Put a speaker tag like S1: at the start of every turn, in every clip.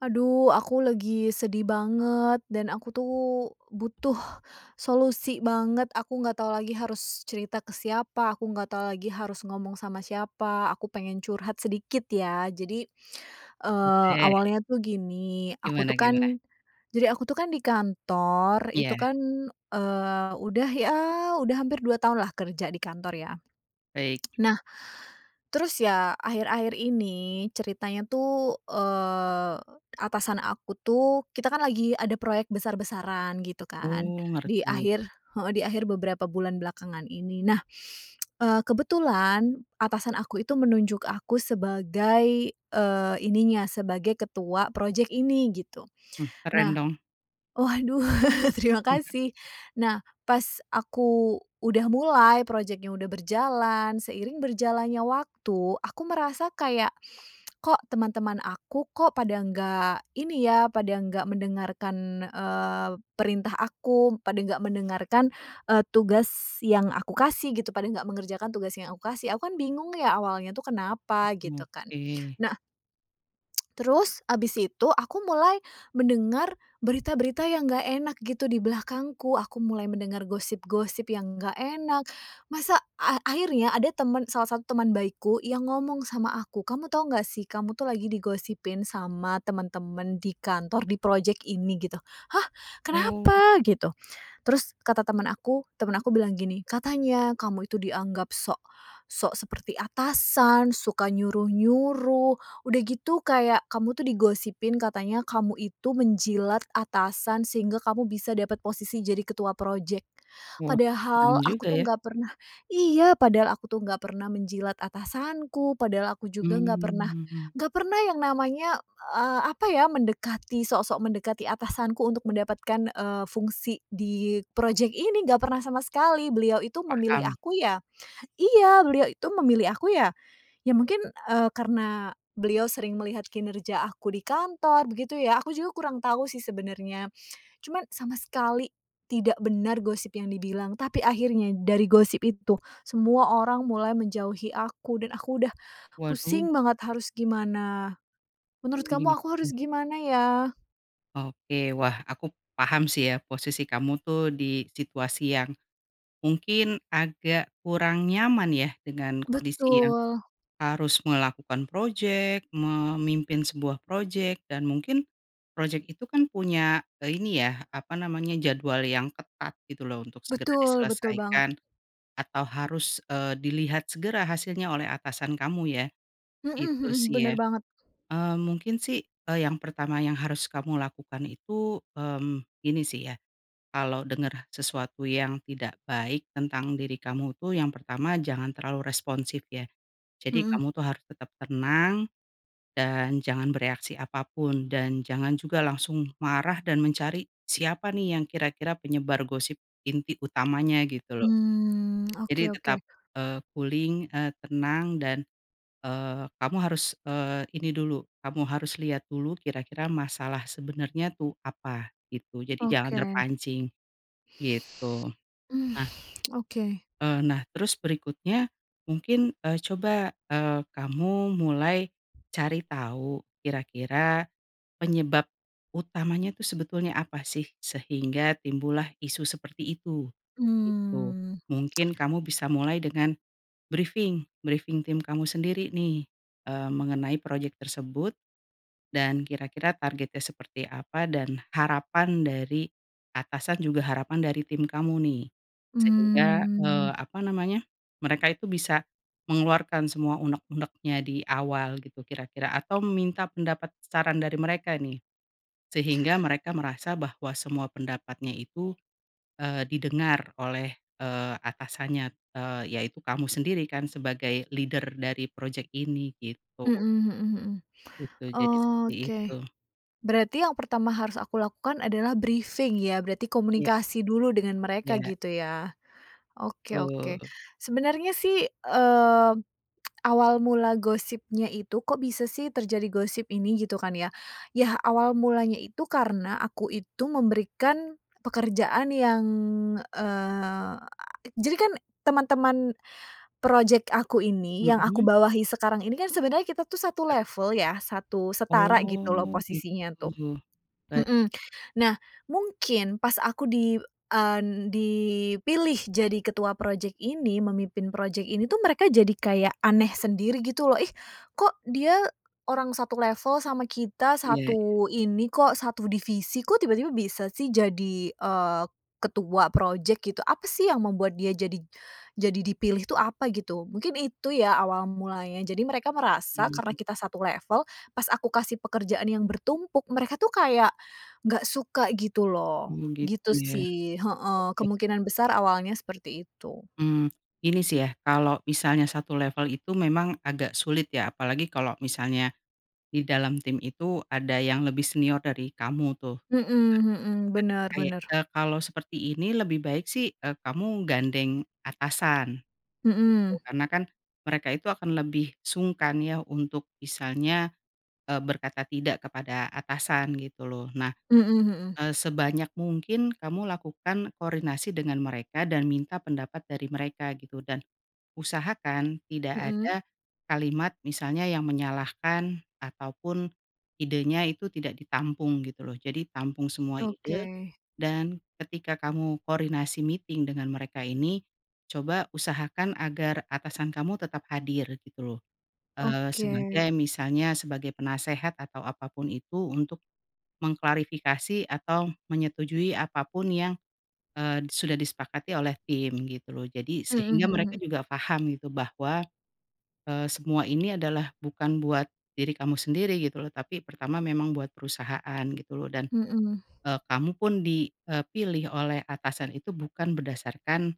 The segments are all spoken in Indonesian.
S1: Aduh aku lagi sedih banget dan aku tuh butuh solusi banget. Aku nggak tahu lagi harus cerita ke siapa, aku nggak tahu lagi harus ngomong sama siapa, aku pengen curhat sedikit ya. Jadi, eee,
S2: Boleh.
S1: awalnya tuh gini, aku tuh
S2: Gimana
S1: kan
S2: gimana?
S1: jadi aku tuh kan di kantor itu
S2: Iya.
S1: kan, eee, udah ya udah hampir 2 tahun lah kerja di kantor ya.
S2: Baik.
S1: Nah, terus ya akhir-akhir ini ceritanya tuh, eee, atasan aku tuh kita kan lagi ada proyek besar-besaran gitu kan,
S2: Oh,
S1: di
S2: ngerti.
S1: akhir, heeh, di akhir beberapa bulan belakangan ini. Nah, eee, kebetulan, atasan aku itu menunjuk aku sebagai, eee, ininya, sebagai ketua project ini gitu.
S2: Hmm, keren
S1: Nah
S2: dong.
S1: waduh terima kasih. Nah, pas aku udah mulai, project-nya udah berjalan, seiring berjalannya waktu, aku merasa kayak, kok teman-teman aku kok pada nggak ini ya, pada nggak mendengarkan, eee, perintah aku, pada nggak mendengarkan, eee, tugas yang aku kasih gitu, pada nggak mengerjakan tugas yang aku kasih. Aku kan bingung ya awalnya itu kenapa gitu kan.
S2: Oke.
S1: Nah terus habis itu aku mulai mendengar berita-berita yang nggak enak gitu di belakangku. Aku mulai mendengar gosip-gosip yang nggak enak. Masa a akhirnya ada temen salah satu teman baikku yang ngomong sama aku, "Kamu tahu nggak sih kamu tuh lagi digosipin sama temen-temen di kantor, di project ini." Gitu. "Hah,
S2: Oh.
S1: kenapa?" Gitu. Terus kata teman aku, temen aku bilang gini, "Katanya kamu itu dianggap sok sok seperti atasan, suka nyuruh-nyuruh, udah gitu kayak kamu tuh digosipin katanya kamu itu menjilat atasan sehingga kamu bisa dapat posisi jadi ketua project."
S2: Wah. Serem
S1: Padahal aku
S2: juga
S1: tuh
S2: ya.
S1: nggak pernah iya, padahal aku tuh nggak pernah menjilat atasanku, padahal aku juga nggak pernah
S2: Mmm.
S1: nggak pernah yang namanya, eee, apa ya, mendekati, sok-sok mendekati atasanku untuk mendapatkan, eee, fungsi di project ini. Nggak pernah sama sekali. Beliau itu memilih
S2: Paham.
S1: aku ya iya, beliau itu memilih aku ya, ya mungkin, eee, karena beliau sering melihat kinerja aku di kantor, begitu ya. Aku juga kurang tahu sih sebenarnya. Cuman, sama sekali tidak benar gosip yang dibilang, tapi akhirnya dari gosip itu semua orang mulai menjauhi aku dan aku udah
S2: Waduh!
S1: pusing banget harus gimana.
S2: Oh,
S1: Menurut kamu aku
S2: gitu.
S1: harus gimana ya?
S2: Oke. Wah, aku paham sih ya posisi kamu tuh di situasi yang, mungkin agak kurang nyaman ya dengan kondisi yang
S1: Betul.
S2: harus melakukan project, memimpin sebuah project, dan mungkin project itu kan punya, eee, ini ya, apa namanya, jadwal yang ketat, gitu loh, untuk segera
S1: Betul, betul banget.
S2: diselesaikan, atau harus, eee, dilihat segera hasilnya oleh atasan kamu ya.
S1: Mhm
S2: Itu
S1: mhm.
S2: sih ya.
S1: Bener banget.
S2: Eee, mungkin sih, eee, yang pertama yang harus kamu lakukan itu, mmm, ini sih ya, kalo denger sesuatu yang tidak baik tentang diri kamu tuh yang pertama jangan terlalu responsif ya. Jadi
S1: Mhm.
S2: kamu tuh harus tetep tenang, dan jangan bereaksi apapun dan jangan juga langsung marah dan mencari, siapa nih yang kira-kira penyebar gosip inti utamanya, gitu loh.
S1: Mmm.
S2: Jadi
S1: Oke oke.
S2: tetap, eee, cooling, eee tenang, dan, eee, kamu harus, eee ini dulu, kamu harus liat dulu kira-kira masalah sebenernya tuh apa, gitu. Jadi jangan
S1: Oke.
S2: terpancing. Gitu. Nah
S1: Oke.
S2: Eee nah, terus berikutnya mungkin, eee, coba, eee, kamu mulai cari tau, kira-kira penyebab utamanya tuh sebetulnya apa sih, sehingga timbul lah isu seperti itu. Gitu.
S1: Mmm.
S2: Mungkin kamu bisa mulai dengan brifing, brifing tim kamu sendiri nih, eee, mengenai project tersebut, dan kira-kira targetnya seperti apa, dan harapan dari atasan juga harapan dari tim kamu nih. Sehingga,
S1: Mmm.
S2: eee, apa namanya, mereka itu bisa mengeluarkan semua uneg-unegnya di awal gitu kira-kira atau meminta pendapat, saran, dari mereka nih. Sehingga mereka merasa bahwa semua pendapatnya itu, eee, didengar oleh, eee, atasannya, eee, yaitu kamu sendiri kan sebagai leader dari project ini, gitu.
S1: Mhm mhm mhm.
S2: Gitu, jadi seperti itu.
S1: Oke. Berarti yang pertama harus aku lakukan adalah brifing ya, berarti
S2: Iya.
S1: komunikasi dulu dengan mereka
S2: Ya.
S1: gitu ya? Oke oke.
S2: Betul.
S1: Sebenarnya sih, eee, awal mula gosipnya itu kok bisa sih terjadi gosip ini gitu kan ya, ya awal mulanya itu karena aku itu memberikan pekerjaan yang eee, jadi kan teman-teman project aku ini yang aku
S2: Mhm?
S1: bawahi sekarang ini kan sebenarnya kita tuh satu
S2: Teru
S1: level ya, satu setara
S2: Oh,
S1: gitu loh posisinya tuh.
S2: gitu. Baik.
S1: Mhm. Nah, mungkin pas aku di en dipilih jadi ketua project ini, memimpin project ini tuh mereka jadi kayak aneh sendiri gitu loh, "Ih kok dia orang satu level sama kita,
S2: Iya iya.
S1: satu ini kok, satu divisi, kok tiba-tiba bisa sih jadi, eee, ketua project?" Gitu. "Apa sih yang membuat dia jadi jadi dipilih tuh apa gitu?" Mungkin itu ya awal mulanya. Jadi mereka merasa karena
S2: Mmm.
S1: kita satu level, pas aku kasih pekerjaan yang bertumpuk mereka tuh kayak, nggak suka gitu loh.
S2: Hmm, gitu
S1: Gitu
S2: ya?
S1: sih, heeh,
S2: Oke.
S1: kemungkinan besar awalnya seperti itu.
S2: Mmm, ini sih ya, kalau misalnya satu level itu memang agak sulit ya apalagi kalo misalnya, di dalam tim itu ada yang lebih senior dari kamu tuh. Gitu
S1: Mhm
S2: kan?
S1: mhm.
S2: Nah,
S1: Bener
S2: kae
S1: bener.
S2: eee, kalau seperti ini lebih baik sih, eee, kamu gandeng atasan. Gitu.
S1: Mhm.
S2: Karena kan mereka itu akan lebih sungkan ya untuk misalnya, eee, berkata tidak kepada atasan gitu loh. Nah,
S1: Mhm mhm.
S2: eee, sebanyak mungkin kamu lakukan koordinasi dengan mereka dan minta pendapat dari mereka gitu, dan usahakan tidak
S1: Mhm?
S2: ada kalimat, misalnya yang menyalahkan ataupun idenya itu tidak ditampung gitu loh. Jadi tampung semua ide,
S1: Oke.
S2: dan ketika kamu koordinasi meeting dengan mereka ini, coba usahakan agar atasan kamu tetap hadir, gitu loh. Eee,
S1: Oke.
S2: sebagai misalnya sebagai penasihat atau apa pun itu untuk mengklarifikasi atau menyetujui apa pun yang, eee, sudah disepakati oleh tim, gitu loh. Jadi
S1: Mhm
S2: sehingga
S1: mhm
S2: mereka
S1: mhm.
S2: juga faham gitu bahwa, eee, semua ini adalah bukan buat diri kamu sendiri gitu loh, tapi pertama memang buat perusahaan gitu loh, dan,
S1: Mhm.
S2: eee, kamu pun di, eee, pilih oleh atasan itu bukan berdasarkan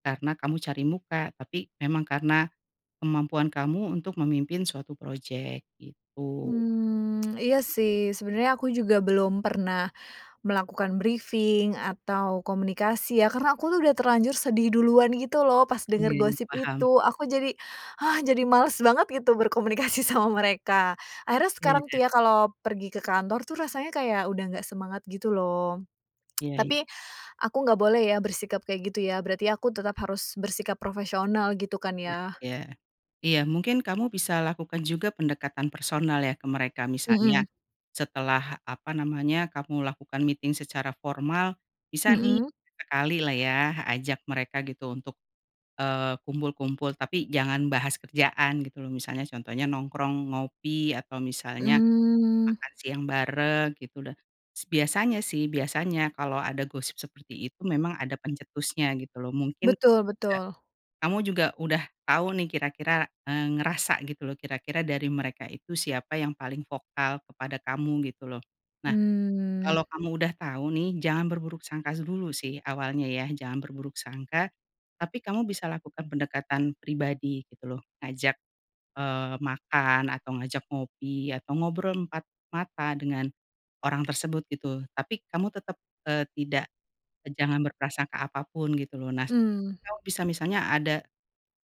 S2: karena kamu cari muka, tapi memang karena kemampuan kamu untuk memimpin suatu project, gitu.
S1: Hmm. Iya sih, sebenernya aku juga belum pernah melakukan brifing, atau komunikasi, ya karena aku udah terlanjur sedih duluan gitu loh pas
S2: Iya
S1: denger
S2: iya,
S1: gosip
S2: paham.
S1: itu, aku jadi, hah, jadi males banget gitu berkomunikasi sama mereka, akhirnya sekarang
S2: Iya.
S1: tuh ya kalau pergi ke kantor tuh rasanya kayak udah nggak semangat gitu loh.
S2: Iya iya.
S1: Tapi aku nggak boleh ya bersikap kayak gitu ya, berarti aku tetap harus bersikap profesional, gitu kan
S2: Iya
S1: ya?
S2: iya. Iya mungkin kamu bisa lakukan juga pendekatan personal ya ke mereka, misalnya
S1: Mhm.
S2: setelah apa namanya, kamu lakukan meeting secara formal, bisa nih,
S1: Mhm.
S2: sesekali lah ya ajak mereka gitu untuk, eee, kumpul-kumpul tapi jangan bahas kerjaan gitu loh, misalnya contohnya nongkrong, ngopi, atau misalnya,
S1: Mmm.
S2: makan siang bareng gitu dah. Biasanya sih, biasanya kalo ada gosip seperti itu memang ada pencetusnya gitu loh. Mungkin,
S1: Betul
S2: nggak
S1: betul.
S2: kamu juga udah tau nih kira-kira, eee, ngerasa gitu loh, kira-kira dari mereka itu siapa yang paling vokal kepada kamu gitu loh. Nah,
S1: Mmm.
S2: kalo kamu udah tau nih, jangan berburuk sangka dulu sih awalnya ya, jangan berburuk sangka, tapi kamu bisa lakukan pendekatan pribadi gitu loh, ngajak, eee, makan atau ngajak ngopi atau ngobrol empat mata dengan orang tersebut, gitu. Tapi kamu tetep, eee, tidak jangan berprasangka apa pun gitu loh. Nah
S1: Mmm.
S2: kalo bisa misanya ada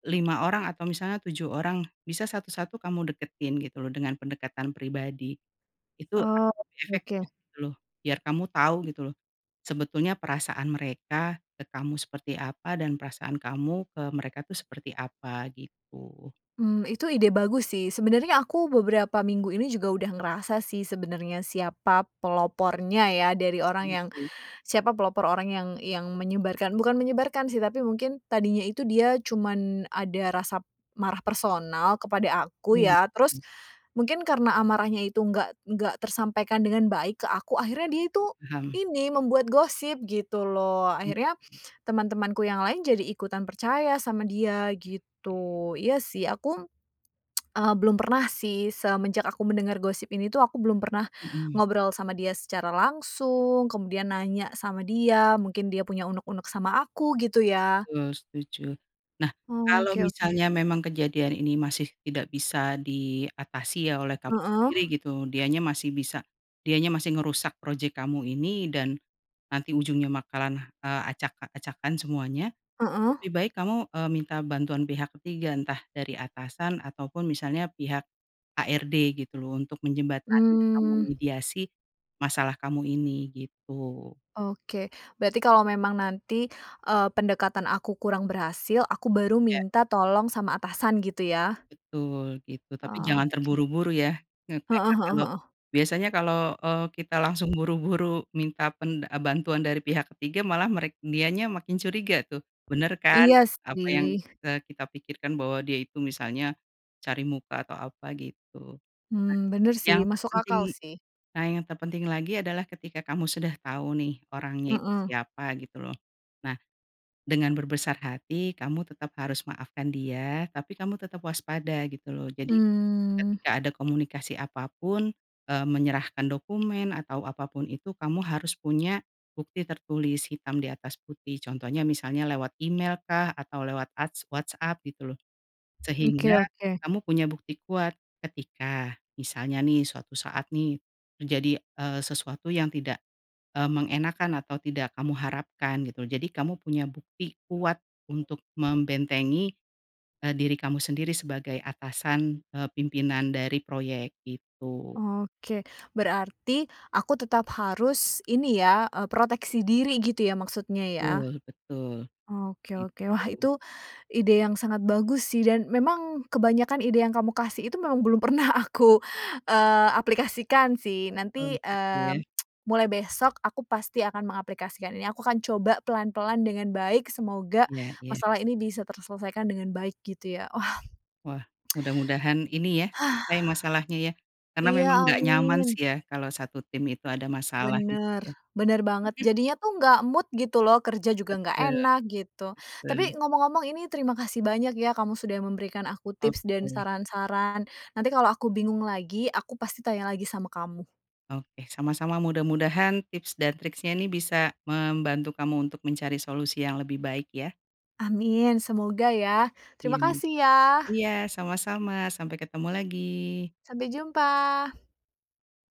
S2: 5 orang atau misalnya 7 orang, bisa satu-satu kamu deketin gitu loh dengan pendekatan pribadi. Itu akan
S1: Oh,
S2: lebih
S1: oke.
S2: efektif gitu loh. Biar kamu tau gitu loh, sebetulnya perasaan mereka, ke kamu seperti apa, dan perasaan kamu ke mereka tuh seperti apa, gitu.
S1: Mmm, itu ide bagus sih. Sebenarnya aku beberapa minggu ini juga udah ngerasa sih sebenarnya siapa pelopornya ya dari orang yang
S2: Gitu.
S1: siapa pelopor orang yang yang menyebarkan, bukan menyebarkan sih tapi mungkin tadinya itu dia cuman ada rasa marah personal kepada aku ya,
S2: [unintelligible]
S1: terus mungkin karena amarahnya itu nggak nggak tersampaikan dengan baik ke aku, akhirnya dia itu,
S2: Paham.
S1: ini, membuat gosip gitu loh. Akhirnya teman-temanku yang lain jadi ikutan percaya sama dia
S2: Oke
S1: gitu.
S2: oke.
S1: Iya sih aku, eee, belum pernah sih semenjak aku mendengar gosip ini tuh aku belum pernah
S2: Mhm.
S1: ngobrol sama dia secara langsung, kemudian nanya sama dia mungkin dia punya uneg-uneg sama aku gitu ya.
S2: Betul. Setuju. Nah. Kalo
S1: Oke oke.
S2: misalnya memang kejadian ini masih tidak bisa diatasi ya oleh kamu
S1: Heeh?
S2: sendiri gitu, dianya masih bisa dianya masih ngerusak project kamu ini dan nanti ujungnya bakalan, eee, acak-acakan semuanya, itu
S1: Heeh?
S2: lebih baik kamu, eee, minta bantuan pihak ketiga, entah dari atasan atau pun misalnya pihak, HRD, gitu loh untuk menjembatani atau
S1: Mmm.
S2: memediasi masalah kamu ini, gitu.
S1: Oke. Berarti kalau memang nanti, eee, pendekatan aku kurang berhasil, aku baru
S2: Ya.
S1: minta tolong sama atasan gitu ya?
S2: Betul, gitu. Tapi jangan
S1: Oke.
S2: terburu-buru ya.
S1: Heeh
S2: Biasanya karena
S1: heeh
S2: kalo
S1: heeh.
S2: biasanya kalo, eee, kita langsung buru-buru minta pen eee, bantuan dari pihak ketiga malah merek dianya makin curiga tuh, "Bener kan!
S1: Iya
S2: Apa yang
S1: sih.
S2: telah kita pikirkan bahwa dia itu," misalnya, "cari muka atau apa". Gitu. Nah.
S1: Mmm, benar
S2: Yang
S1: sih, masuk
S2: terpenting
S1: akal sih.
S2: nah yang terpenting lagi adalah ketika kamu sudah tau nih orangnya itu
S1: Heeh.
S2: siapa gitu loh. Nah, dengan berbesar hati kamu harus tetap maafkan dia, tapi kamu tetep waspada gitu loh. Jadi
S1: Mmm.
S2: ketika ada komunikasi apa pun, eee, menyerahkan dokumen atau apapun itu kamu harus punya bukti tertulis hitam di atas putih. Contohnya misalnya lewat email kah, atau lewat as WhatsApp gitu loh. Sehingga
S1: Oke oke.
S2: kamu punya bukti kuat, ketika, misalnya nih suatu saat nih, menjadi, eee, sesuatu yang tidak, eee, mengenakkan atau tidak kamu harapkan gitu loh. Jadi kamu punya bukti kuat untuk membentengi, eee, diri kamu sendiri sebagai atasan, eee, pimpinan dari proyek, gitu.
S1: Oke. Berarti aku tetap harus, ini ya, eee, proteksi diri gitu ya maksudnya ya?
S2: Betul betul.
S1: Oke oke. Wah,
S2: Gitu.
S1: itu ide yang sangat bagus sih dan memang kebanyakan ide yang kamu kasih itu memang belum pernah aku, eee, aplikasikan sih,
S2: Oh
S1: nanti,
S2: gitu
S1: eee,
S2: ya?
S1: mulai besok aku pasti akan mengaplikasikan ini, aku akan coba pelan-pelan dengan baik, semoga
S2: Iya iya.
S1: masalah ini bisa terselesaikan dengan baik gitu ya. Wah!
S2: Wah, mudah-mudahan ini ya, selesai masalahnya ya. Karena
S1: Iya,
S2: memang nggak nyaman
S1: Amin.
S2: sih ya kalau satu tim itu ada masalah gitu
S1: Bener,
S2: ya?
S1: bener banget,
S2: Mhm.
S1: jadinya tuh nggak mood gitu loh, kerja juga nggak
S2: Betul,
S1: enak gitu.
S2: betul.
S1: Tapi ngomong-ngomong ini terima kasih banyak ya kamu sudah memberikan aku tips dan
S2: Oke.
S1: saran-saran, nanti kalau aku bingung lagi, aku pasti tanya lagi sama kamu.
S2: Oke. Sama-sama, mudah-mudahan tips dan tricks-nya nih bisa membantu kamu untuk mencari solusi yang lebih baik ya?
S1: Amin, semoga ya.
S2: Iya.
S1: Terima kasih ya.
S2: Iya, sama-sama, sampai ketemu lagi.
S1: Sampai jumpa!